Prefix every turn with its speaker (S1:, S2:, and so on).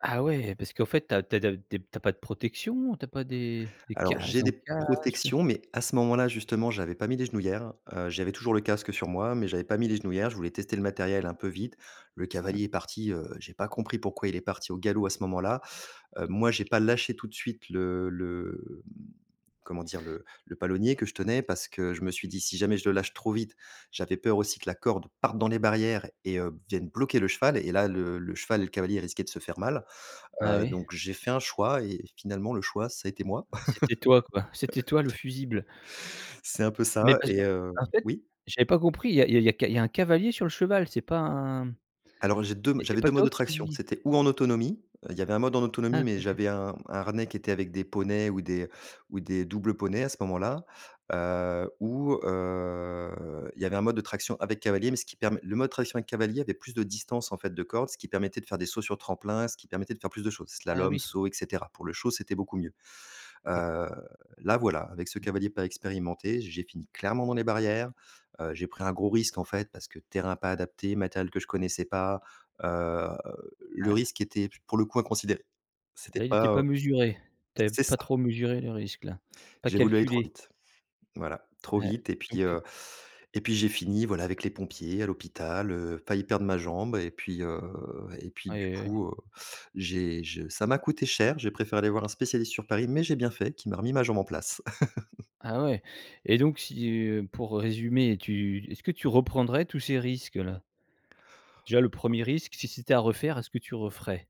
S1: Ah ouais. Parce qu'en fait, tu as tu as d tu es tu as pas de protection? Ou tu as pas des des
S2: Alors,
S1: cages
S2: j'ai
S1: en
S2: des
S1: casque, heu
S2: protections, mais à ce moment-là, justement, j'avais pas mis les genouillères. Heu, j'avais toujours le casque sur moi, mais j'avais pas mis les genouillères. Je voulais tester le matériel un peu vite. Le cavalier est parti, heu, j'ai pas compris pourquoi il est parti au galop à ce moment-là. Heu, moi, j'ai pas lâché tout de suite le le mmh, comment dire? Le le palonnier que je tenais, parce que je me suis dit: «Si jamais je le lâche trop vite», j'avais peur aussi que la corde parte dans les barrières et heu, vienne bloquer le cheval et là, le le cheval et le cavalier risquaient de se faire mal.
S1: Ah
S2: Heu,
S1: oui.
S2: donc j'ai fait un choix et finalement le choix, ça a été moi.
S1: C'était toi quoi. C'était toi le fusible.
S2: C'est un peu
S1: Mais
S2: ça
S1: parce
S2: et heu
S1: qu'en fait,
S2: oui?
S1: j'avais pas compris, il y a il y a c il y a un cavalier sur le cheval, c'est pas un
S2: Alors j'ai 2 m
S1: et c'est
S2: j'avais
S1: pas
S2: 2 modes
S1: toi
S2: de traction.
S1: qui
S2: C'était ou en autonomie, heu, il y avait un mode en
S1: Ah
S2: autonomie, mais
S1: OK.
S2: j'avais un un harnais qui était avec des poneys ou des ou des doubles poneys à ce moment-là. Heu, ou, heu, il y avait un mode de traction avec cavalier, mais ce qui permet le mode traction avec cavalier avait plus de distance en fait de corde, ce qui permettait de faire des sauts sur tremplin, ce qui permettait de faire plus de choses,
S1: Ah
S2: slalom,
S1: oui.
S2: saut et cetera. Pour le show, c'était beaucoup mieux.
S1: Et
S2: Heu, là, voilà, avec ce cavalier pas expérimenté, j'ai fini clairement dans les barrières, heu, j'ai pris un gros risque en fait, parce que terrain pas adapté, matériel que je ne connaissais pas. Heu, le
S1: Ah.
S2: risque était p pour le coup inconsidéré. C'était
S1: Là, il était
S2: pas,
S1: pas
S2: heu
S1: mesuré. Tu avais
S2: c'est
S1: pas
S2: ça.
S1: trop mesuré le risque, là? Pas
S2: J'ai voulu aller trop
S1: calculé?
S2: vite. Voilà, trop
S1: Ouais.
S2: vite et
S1: Donc
S2: puis,
S1: heu
S2: heu et puis j'ai fini voilà, avec les pompiers à l'hôpital, heu, failli perdre ma jambe et puis, heu et puis
S1: Oui,
S2: du
S1: oui, oui.
S2: coup, heu, j'ai je ça m'a coûté cher. J'ai préféré aller voir un spécialiste sur Paris, mais j'ai bien fait, qui m'a remis ma jambe en place.
S1: Ah ouais et donc si, heu pour résumer, tu est-ce que tu reprendrais tous ces risques-là? Déjà, le 1er risque, si c'était à refaire, est-ce que tu referais?